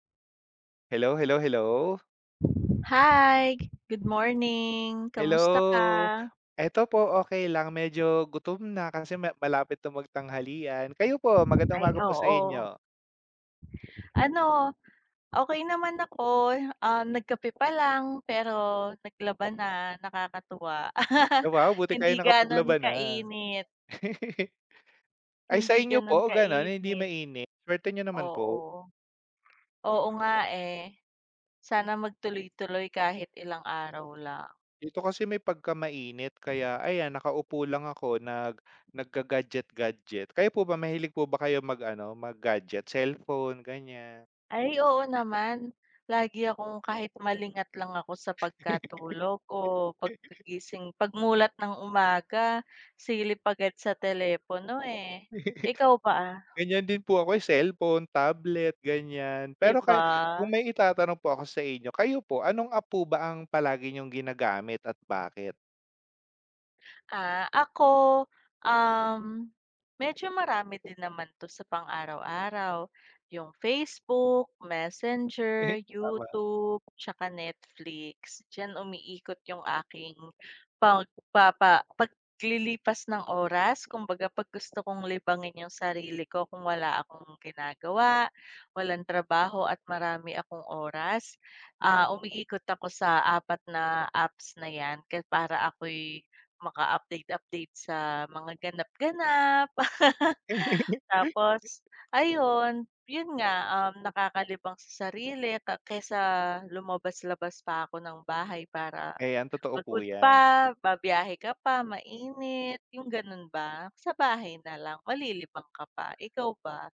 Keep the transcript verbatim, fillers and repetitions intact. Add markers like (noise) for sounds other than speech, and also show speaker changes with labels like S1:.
S1: Hello, hello, hello.
S2: Hi, good morning! Kamusta
S1: Hello,
S2: ka?
S1: eto po okey lang, medyo gutom na kasi ma malapit na magtanghalian, kayo po magandang
S2: Ay,
S1: umaga po sa
S2: oo.
S1: inyo.
S2: Ano, okey naman ako, ah, nagkape pa lang, pero naglaba na, nakakatuwa.
S1: Eh,
S2: (laughs)
S1: wow buti kayo
S2: Hindi gano'n
S1: nakapaglaba na.
S2: kainit.
S1: (laughs) Ay sa
S2: Hindi
S1: inyo
S2: ganun
S1: po
S2: kainit.
S1: gano'n hindi mainit, suwerte niyo naman po.
S2: Oo. Oo nga, eh. Sana mag tuloy-tuloy kahit ilang araw lang.
S1: Dito kasi may pagka-mainit, kaya ayan nakaupo lang ako nag nagga-gadget-gadget, kayo po ba mahilig po ba kayo mag ano mag-gadget, cellphone ganiyan?
S2: Ay oo naman, lagi akong kahit malingat lang ako sa pagkatulog o
S1: (laughs)
S2: pagkagising, pag-mulat ng umaga silip agad sa telepono, eh.
S1: (laughs)
S2: Ikaw ba?
S1: Ganyan din po ako, eh, cellphone, tablet ganiyan,
S2: 'Di
S1: pero kaya kung
S2: ba?
S1: may itatanong po ako sa inyo, kayo po anong app po ba ang palagi niyong ginagamit at bakit?
S2: Ah, ako, um, medyo marami din naman 'to sa pang-araw-araw, yung Facebook,
S1: Eh
S2: Messenger,
S1: tama.
S2: YouTube, 'tsaka Netflix, diyan umiikot yung aking pagpapa paglilipas ng oras kumbaga 'pag gusto kong libangin yung sarili ko kung wala akong ginagawa, walang trabaho, at marami akong oras, ah, umiikot ako sa apat na apps na 'yan ke para ako'y maka-update-update sa mga ganap-ganap. (laughs)
S1: (laughs)
S2: Tapos ayun, yun nga, um, nakakalibang sa sarili ka kesa lumabas-labas pa ko ng bahay para
S1: Ayan, totoo po
S2: pagod
S1: 'yan.
S2: pa, ba-biyahe ka pa, mainit, yung ganun ba, sa bahay na lang malilibang ka pa, ikaw ba?